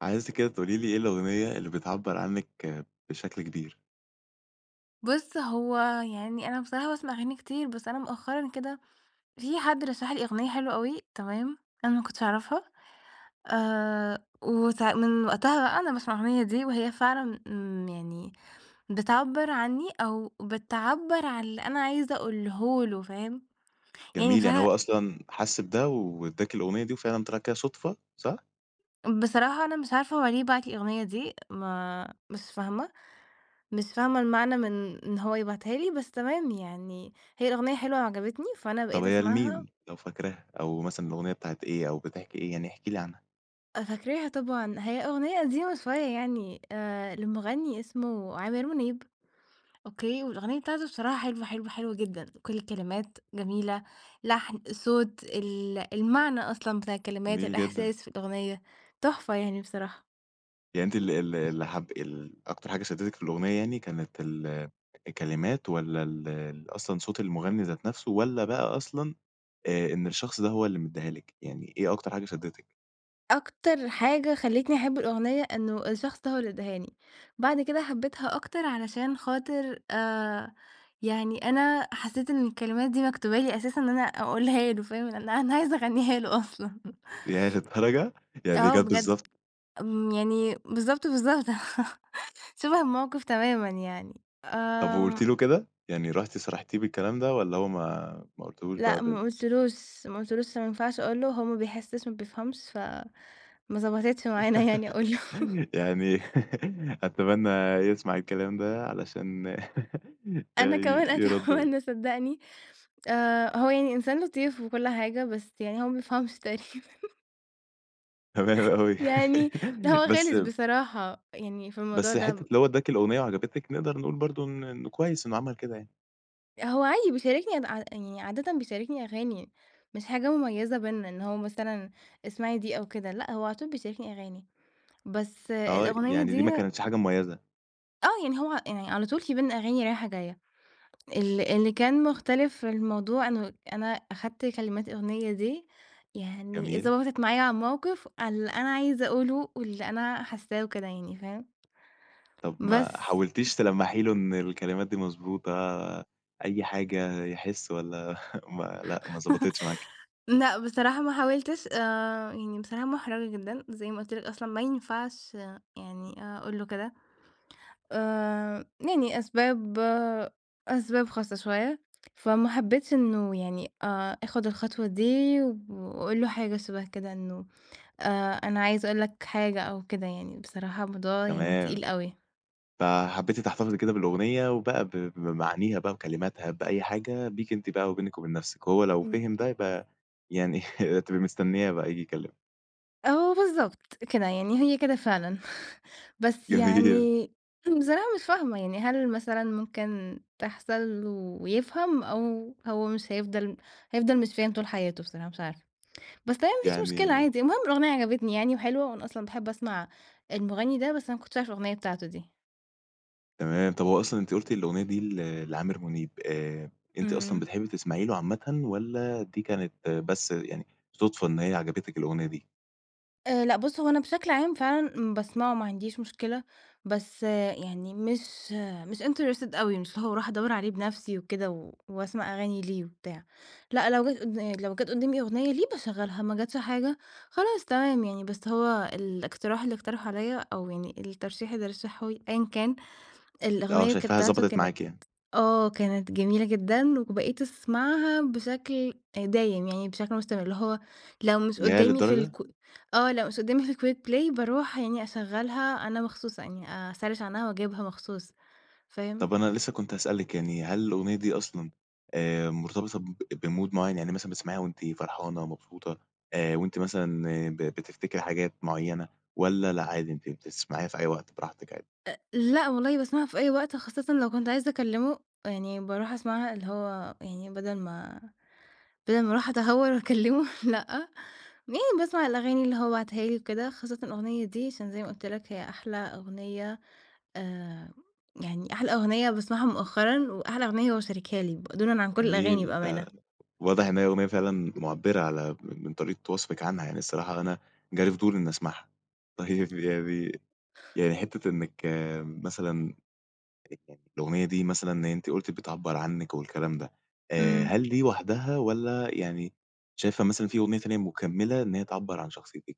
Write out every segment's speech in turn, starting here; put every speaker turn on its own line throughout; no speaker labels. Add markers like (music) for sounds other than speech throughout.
عايزِك كده تقولي لي إيه الأغنية اللي بتعبّر عنِّك بشكل كبير؟
بُص، هو يعني أنا بصراحة باسمع أغاني كتير. بس أنا مؤخرًا كده في حد رشَّح لي أغنية حلوة أوي تمام؟ أنا ما كنتش أعرفها، آآ وساع من وقتها بقى أنا باسمع الأغنية دي، وهي فعلًا امم يعني بتعبّر عنِّي، أو بتعبّر عن اللي أنا عايزة أقوله له فاهم؟ يعني
جميل يعني
بصراحة
هو أصلًا حَس بده، وادَّاكِ الأغنية، وفعلًا طلع كده صدفة صح؟
بصراحة أنا مش عارفة هو ليه باعت لي الأغنية دي. ما مش فاهمة مش فاهمة المعنى من إن هو يبعتها لي، بس تمام يعني هي الأغنية حلوة وعجبتني فأنا
طب
بقيت
هي لمين؟
أسمعها.
لو فاكراها أو مثلًا الأغنية بتاعة إيه؟ أو بتحكي إيه؟ يعني احكي لي عنها.
آآ فاكراها طبعًا. هي أغنية قديمة شوية يعني، آآ لمغنِّي اسمه عامر منيب، okay والأغنية بتاعته بصراحة حلوة، حلوة، حلوة جدًا، كل الكلمات جميلة، لحن، الصوت، ال المعنى أصلًا بتاع الكلمات،
جميل جدًا.
الإحساس في الأغنية، تحفة يعني بصراحة.
يعني أنتِ ال ال اللي حاب ال أكتر حاجة شدّتِك في الأغنية يعني، كانت ال الكلمات والّا ال أصلًا صوت المغني ذات نفسه؟ والّا بقى أصلًا آآ إن الشخص ده هو اللي مدّيها لِك؟ يعني إيه أكتر حاجة شدّتِك؟
أكتر حاجة خلتني أحب الأغنية إنه الشخص ده هو اللي اداهاني. بعد كده حبيتها أكتر، علشان خاطرآآ يعني أنا حسيت إن الكلمات دي مكتوبة لي أساسًا. أن أنا أقولها له فاهم؟ أن أنا عايزة أغنيهاله أصلًا.
ياه للدرجةّ! يعني دي
آه
جات
بجد.
بالضبط
آمم يعني بالضبط بالضبط! (laughs) شبه الموقف تمامًا يعني
طب وقُلتِ
آمم.
له كده؟ يعني رُحتِ صارحتيه بالكلام ده؟ والّا هو ما ما قلتهوش بقى
لأ، ما
بال
قلتلوش، ما قلتلوش، عشان ما ينفعش أقول له. هو ما بيحسش، ما بيفهمش. ف ما ضبطتش معانا، يعني أقول
(laughs)
له. (laughs)
يعني أتمنى يسمع الكلام ده علشان
أنا كمان
يرد و
أتمنى صدّقني، آآ، هو يعني إنسان لطيف، وكل حاجة. بس يعني هو ما بيفهمش تقريبًا. (laughs)
تمام اوي
يعني هو
(laughs) بس
غلس
ب
بصرا حة يعني في الموضوع
بس حتة
ده.
أن هو ادّاكِ الأغنية وعجبتِك. نقدر نقول برضه أن إنه كويس إنه عمل كده يعني.
هو عادي بيشاركني ع يعني عادةً بيشاركني أغاني، مش حاجة مميزة بيننا، إن هو مثلًا، اسمعي دي أو كده. لأ، هو على طول بيشاركني أغاني. بس
آه،
الأغنية
يعني دي ما
دي
كانتش حاجة مميَّزة.
آه، يعني هو يعني على طول في بيننا أغاني رايحة جاية. ال اللي كان مختلف في الموضوع إنه أنا أخدْت كلمات الأغنية دي، يعني
جميل.
ضبطت معايا على الموقف، على اللي أنا عايزة أقوله، واللي أنا حاسّاه وكده يعني، فاهم؟
طب ما
بس
حاولتيش تلمّحي له إن الكلمات دي مضبوطة؟ أي حاجة يحس، والّا (chuckles) ما لأ، ما
(laughs)
ضبطِتش معاكِ؟
لأ، بصراحة ما حاولْتش، آآ يعني بصراحة محرَجة جدًا، زي ما قلت لك أصلًا ما ينفعش آآ يعني أقول له كده، آآ يعني أسباب أسباب خاصة شوية. فما حبيتش إنه يعني آآ أخد الخطوة دي، وأقول له حاجة شبه كده، إنه آآ "أنا عايزة أقول لك حاجة" أو كده يعني، بصراحة الموضوع يعني تقيل
تمام.
أوي.
فحبيّتِ تحتفظي كده بالأغنية، وبقى ب بمعانيها بقى وكلماتها، بأي حاجة، بيكِ أنتِ بقى وبينِك وبين نفْسِك. وهو لو فهِم ده
(unintelligible)
يبقى يعني (chuckles) تبقي مستنية بقى ييجي يكلمِك.
آه بالضبط، كده يعني هي كده فعلًا (chuckles) بس
جميل
يعني بصراحة مش فاهمة يعني، هل مثلًا ممكن تحصل ويفهم، أو هو مش هيفضل هيفضل مش فاهم طول حياته بصراحة مش عارفة. بس هي ما فيش مشكلة
يعني
عادي، المهم الأغنية عجبتني يعني وحلوة، وأنا أصلًا باحب أسمع المغنِّي ده، بس أنا ما كنتش أعرف الأغنية بتاعته دي.
تمام. طب هو أصلًا أنتِ قُلْتِ الأغنية دي ل لعامر منيب. آآ، أنتِ أصلًا
امم.
بتحبي تسمعي له عامةً والَّا دي كانت بس يعني صدفة إن هي عجبتِك الأغنية دي؟
آآ لأ بُص هو أنا بشكل عام فعلًا، امم، باسمعه ما عنديش مشكلة، بس يعني مش مش interested أوي مش اللي هو أروح أدوّر عليه بنفسي وكده و وأسمع أغاني ليه وبتاع. لأ، لو جت قدّا لو جت قدّامي أغنية ليه باشغلها، ما جتش حاجة خلاص تمام يعني. بس هو الإقتراح اللي اقترحه عليَّ، أو يعني الترشيح اللي رشّحه لي أيًا كان،
آه
الأغنية كانت
شايفاها
بتاعته
ضبطت
كانت
معاكِ يعني.
آه كانت جميلة جدًا، وبقيت أسمعها بشكل آآ دايم، يعني بشكل مستمر اللي هو لو مش
ياه
قدّامي في الك
للدرجة؟
آه لو مش قدّامي في الquick play باروح يعني أشغلّها أنا مخصوص يعني آآ أسرِّش عنها وأجيبها مخصوص. فاهم؟
طب أنا لسه كنت هأسألِك يعني، هل الأغنية دي أصلًا، آآ مرتبطة ب بmood معين؟ يعني مثلًا بتسمعيها وأنتِ فرحانة، مبسوطة، آآ وأنتِ مثلًا ب بتفتكري حاجات معينة والَّا لأ، عادي أنتِ بتسمعيها في أي وقت براحتك عادي؟
آآ لأ، والله باسمعها في أي وقت، خاصةً لو كنت عايزة أكلمه يعني باروح أسمعها، اللي هو يعني بَدل ما بَدل ما أروح أتهور وأكلمه لأ، يعني باسمع الأغاني اللي هو باعتها لي وكده خاصةً الأغنية دي. عشان زي ما قُلْت لَك هي أحلى أغنية آآ يعني أحلى أغنية باسمعها مؤخرًا، وأحلى أغنية هو شاركها لي ب دونًا عن كل الأغاني
جميل
بأمانة.
ده، واضح إن هي أغنية فعلًا مُعبرة على م من طريقة وصفك عنها، يعني الصراحة أنا جالي فضول إنّي أسمعها. طيب يعني يعني حتّة إنك مثلًا (unintelligible) الأغنية دي مثلًا إن أنتِ قُلتِ بتعبّر عنِك والكلام ده، آآ
امم.
هل دي وحدها والّا يعني شايفة مثلًا في أغنية تانية مكمِّلة إن هي تعبر عن شخصيتك؟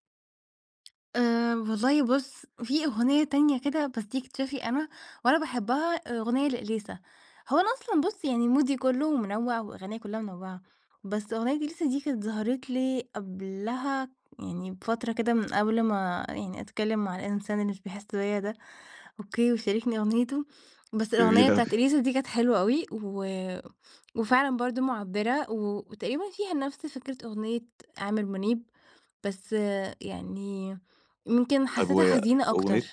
آآ، والله بُص في أغنية تانية كده بس دي اكتشافي أنا، وأنا باحبّها أغنية لإليسا. هو أنا أصلًا بُص يعني مودي كلّه منوّع وأغانيّا كلّها منوعّة. بس أغنية إليسا دي كانت ظهرت لي قبلها يعني بفترة كده من قبل ما يعني أتكلّم مع الإنسان اللي مش بيحس بيّا ده، okay ويشاركني أغنيته. بس الأغنية
جميل أوي
بتاعة إليسا دي كانت حلوة أوي. و وفعلًا برضو معبرة، و وتقريبًا فيها نفس فكرة أغنية عامر منيب. بس يعني يمكن
طيب
حسيتها حزينة أكتر.
وأغنية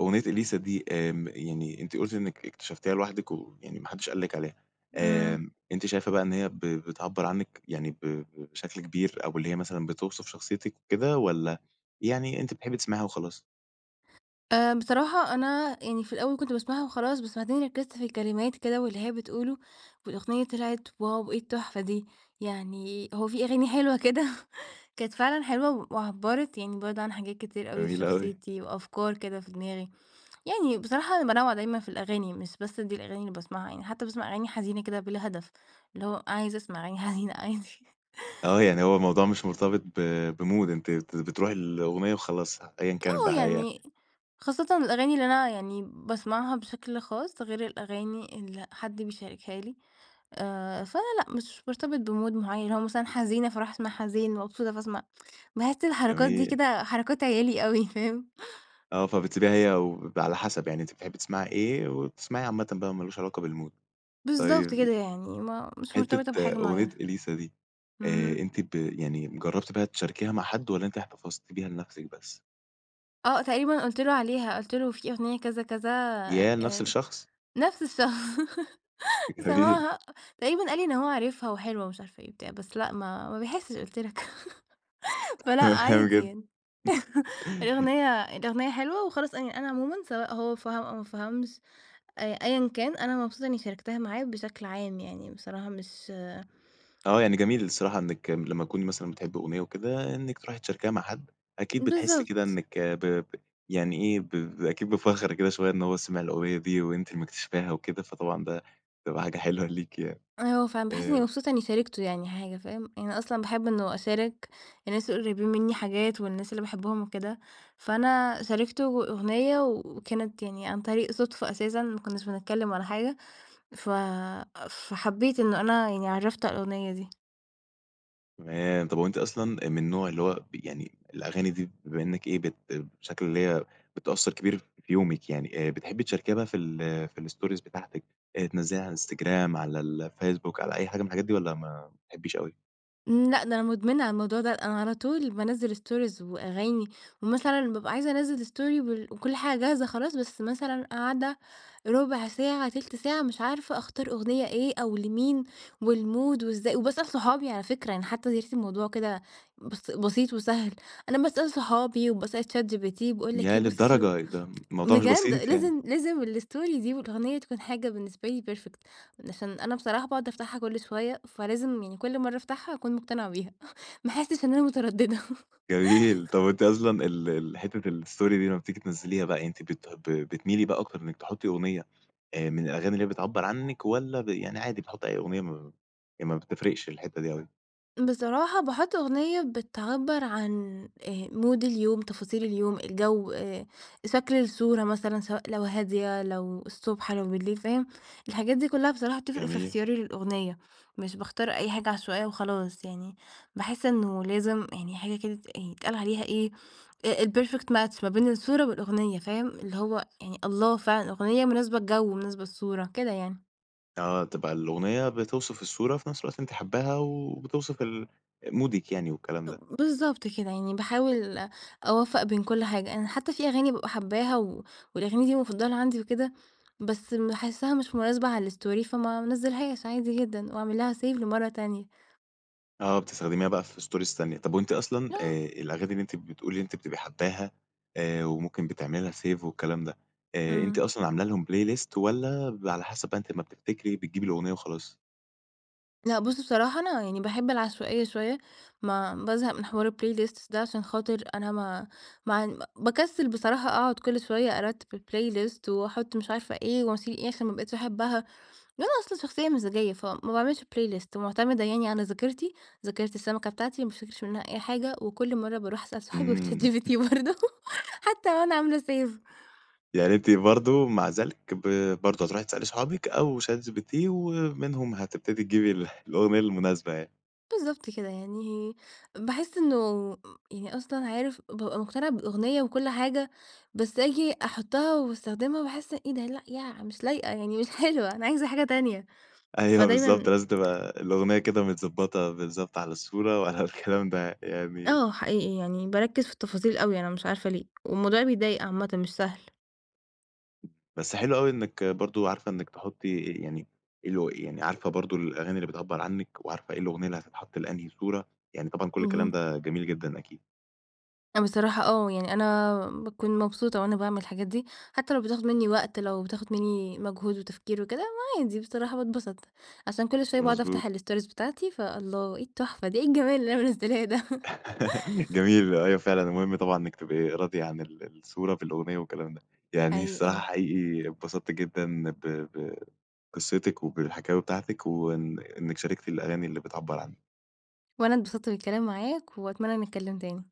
أغنية إليسا دي آمم، يعني أنتِ قلتِ إنك اكتشفتيها لوحدك ويعني ما حدش قال لِك عليها.
امم.
آمم، أنتِ شايفة بقى إن هي بتعبر عنِك يعني ب بشكل كبير؟ أو ب اللي هي مثلًا بتوصف شخصيتِك وكده؟ والّا يعني أنتِ بتحبي تسمعيها وخلاص؟
آآ، بصراحة أنا يعني في الأول كنت باسمعها وخلاص. بس بعدين ركزت في الكلمات كده واللي هي بتقوله، والأغنية طلعت واو إيه التحفة دي! يعني هو في أغاني حلوة كده (chuckles) كانت فعلًا حلوة و وعبرت يعني برضو عن حاجات كتير أوي في
جميل أوي.
شخصيتي، وأفكار كده في دماغي. يعني بصراحة أنا بانوّع دايمًا في الأغاني مش بس دي الأغاني اللي باسمعها يعني. حتّى باسمع أغاني حزينة كده بلا هدف، اللي هو عايزة أسمع أغاني حزينة عادي
آه يعني هو الموضوع مش مرتبط ب بmood أنتِ بت بتروحي للأغنية وخلاص أيًّا كانت
آه
بقى هي
يعني، خاصةً الأغاني اللي أنا يعني باسمعها بشكل خاص، غير الأغاني اللي حد بيشاركها لي. آآ فأنا لأ، مش بارتبط بmood معيّن اللي هو مثلًا حزينة فاروح أسمع حزين، مبسوطة فاسمع (tsk) باحس الحركات دي
جميل.
كده حركات عيالي أوي فاهم؟ (chuckles)
آه فبتسيبيها هي وبيبقى على حسب يعني أنتِ بتحبي تسمعي إيه، وبتسمعيه عامةً بقى ما لوش علاقة بالmood
بالضبط
طيّب ي
كده يعني. ما مش مرتبطة
حتّة
بحاجة
أغنية
معيّنة.
إليسا دي آآ،
اهم.
أنتِ ب يعني جرّبتِ بقى تشاركيها مع حد؟ والّا أنتِ احتفظتِ بيها لنفسِك بس؟
آه تقريبًا قلت له عليها. قلت له في أغنية كذا كذا
ياه لنفس
آآ،
الشخص؟
نفس الشخص (laughs)
جميل
سمعها. تقريبًا قال لي إن هو عارفها وحلوة ومش عارفة إيه وبتاع. بس لأ، ما ما بيحسش قلت لك (laughs) فلأ عادي يعني (laughs)
(unintelligible)
الأغنية الأغنية حلوة وخلاص يعني أنا عمومًا، سواء هو فهم أو ما فهمش. أ أيًا كان. أنا مبسوطة إني شاركتها معاه بشكل عام يعني بصراحة. مش
اه يعني جميل الصراحة إنك م لمّا تكوني مثلًا بتحبي أغنية وكده. إنك تروحي تشاركيها مع حد. أكيد بتحسي كده
بالضبط.
إنك ب ب يعني ايه؟ ب ب أكيد بفخر كده شوية. إن هو سمع الأغنية دي وأنتِ اللي مكتشفاها وكده، فطبعًا ده بتبقى حاجة حلوة ليكِ يعني.
آه فعلًا باحس إني
آآ
مبسوطة شاركته يعني حاجة. فاهم؟ يعني أصلًا باحب إنه أشارك الناس القريبين مني حاجات، والناس اللي باحبهم وكده، فأنا شاركته أغ أغنية، وكانت يعني عن طريق صدفة أساسًا. ما كناش بنتكلم ولا حاجة ف فحبيت إنه أنا يعني عرفته على الأغنية دي.
تمام، طب هو أنتِ أصلًا آآ من النوع اللي هو ب يعني الأغاني دي بما إنك إيه، بت بشكل اللي هي بتأثر كبير في يومِك يعني، آآ بتحبي تشاركيها في ال في الstories بتاعتك، آآ، تنزليها على الإنستجرام، على الفيسبوك، على أي حاجة من الحاجات دي؟ والّا ما ما بتحبيش أوي؟
امم لأ ده أنا مدمنة على الموضوع ده. أنا على طول بانزِّل stories وأغاني، ومثلًا بابقى عايزة أنزِّل story بال وكل حاجة جاهزة خلاص. بس مثلًا قاعدة ربع ساعة، تلت ساعة، مش عارفة أختار أغنية إيه؟ أو لمين، والmood وإزا وباسأل صحابي على فكرة. يعني حتى (unintelligible) الموضوع كده بس بسيط وسهل. أنا باسأل صحابي وباسأل ChatGPT، باقولك
ياه!
إيه بص
للدرجة ده الموضوع مش
بجد
بسيط يعني.
لازم لازم الstory دي، والأغنية تكون حاجة بالنسبة لي perfect عشان أنا بصراحة باقعد أفتحها كل شوية، فلازم يعني كل مرة أفتحها أكون مقتنعة بيها (chuckles) ما أحسش إن أنا مترددة
جميل طب هو أنتِ أصلًا ال ال حتة الstory دي لمّا بتيجي تنزّليها بقى أنتِ بت ب بتميلي بقى أكتر إنك تحطّي اغنية آآ من الأغاني اللي هي بتعبّر عنِك؟ والّا ب يعني عادي بتحطي اي اغنية يعني ما ي مابتفرقش الحتة دي أوي؟
بصراحة باحط أغنية بتعبر عن آآ mood اليوم، تفاصيل اليوم، الجو، آآ شكل الصورة مثلًا سواء لو هادية، لو الصبح لو بالليل فاهم؟ الحاجات دي كلها بصراحة بتفرق في
جميل.
اختيار الأغنية، مش باختار أي حاجة عشوائية وخلاص، يعني باحس إنه لازم يعني حاجة كده ت يعن يتقال عليها إيه؟ آآ الPerfect match ما بين الصورة والأغنية فاهم؟ اللي هو يعني الله فعلًا أغنية مناسبة الجو ومناسبة الصورة كده يعني.
آه تبقى الأغنية بتوصف الصورة وفي نفس الوقت أنتِ حاباها وبتوصف ال مودك يعني والكلام ده.
اب بالضبط كده يعني باحاول أوفّق بين كل حاجة أنا حتى في أغاني بابقى حاباها، و والأغاني دي مفضلة عندي وكده، بس باحسها مش مناسبة على الStory فما انزلهاش عادي جدًا، وأعمل لها Save لمرّة تانية.
آه بتستخدميها بقى في Stories تانية. طب وأنتِ أصلًا
(unintelligible)
آآ الأغاني اللي أنتِ بتقولي إن أنتِ بتبقي حاباها آآ وممكن بتعملي لها Save والكلام ده، آآ أنتِ
امم.
أصلًا عاملة لهم playlist والَّا بيبقي على حسب بقى أنتِ أمّا بتفتكري بتجيبي الأغنية وخلاص؟
لأ، بص بصراحة أنا يعني باحب العشوائية شوية ما بازهق من حوار الplaylists ده عشان خاطر أنا ما مع ن باكسل بصراحة أقعد كل شوية أرتب الplaylist وأحط مش عارفة إيه، واشيل إيه عشان ما بقيتش أحبها. ده أنا أصلًا شخصية مزاجية فما باعملش playlist ومعتمدة يعني على ذاكرتي، ذاكرة السمكة بتاعتي، ما بافتكرش منها أي حاجة، وكل مرة باروح أسأل صحابي
امم.
وChatGPT
(chuckles)
برضه حتى وأنا عاملة Save
يعني أنتِ برضه مع ذلك ب برضه هتروحي تسألي صحابِك أو ChatGPT ومنهم هتبتدي تجيبي ال الأغنية المناسبة يعني.
بالضبط كده يعني باحس إنه م يعني أصلًا عارف، بابقى مقتنعة بالأغنية وكل حاجة بس أجي أحطها واستخدمها باحس إيه ده؟ لأ، يع مش لايقة يعني مش حلوة أنا عايزة حاجة تانية.
أيوه بالضبط
فدايمًا
لازم تبقى الأغنية كده متضبطة بالضبط على الصورة وعلى الكلام ده يعني
آه حقيقي يعني باركز في التفاصيل أوي أنا مش عارفة ليه؟ والموضوع بيضايق عامةً مش سهل.
بس حلو أوي إنك برضه عارفة إنك تحطي يعني الأ يعني عارفة برضه الأغاني اللي بتعبر عنِك، وعارفة إيه الأغنية اللي هتتحط لأنهي صورة، يعني طبعًا كل الكلام
اهم.
ده جميل جدًا أكيد.
بصراحة آه يعني أنا باكون مبسوطة وأنا باعمل الحاجات دي، حتى لو بتاخد مني وقت، لو بتاخد مني مجهود وتفكير وكده، ما عادي بصراحة باتبسط، عشان كل شوية باقعد
مضبوط.
أفتح الStories بتاعتي فالله! إيه التحفة دي، إيه الجمال اللي انا منزلاه ده
(laughs) جميل أيوه فعلًا المهم طبعًا إنك تبقي راضية عن ال الصورة في الأغنية والكلام ده، يعني
حقيقي
الصراحة
أه.
حقيقي اتبسطت جدًا ب ب بقصتِك، وبالحكاوي بتاعتك وإن إنك شاركتِ الأغاني اللي بتعبر عنِك.
وأنا أتبسطت بالكلام معاك وأتمنى نتكلم تاني.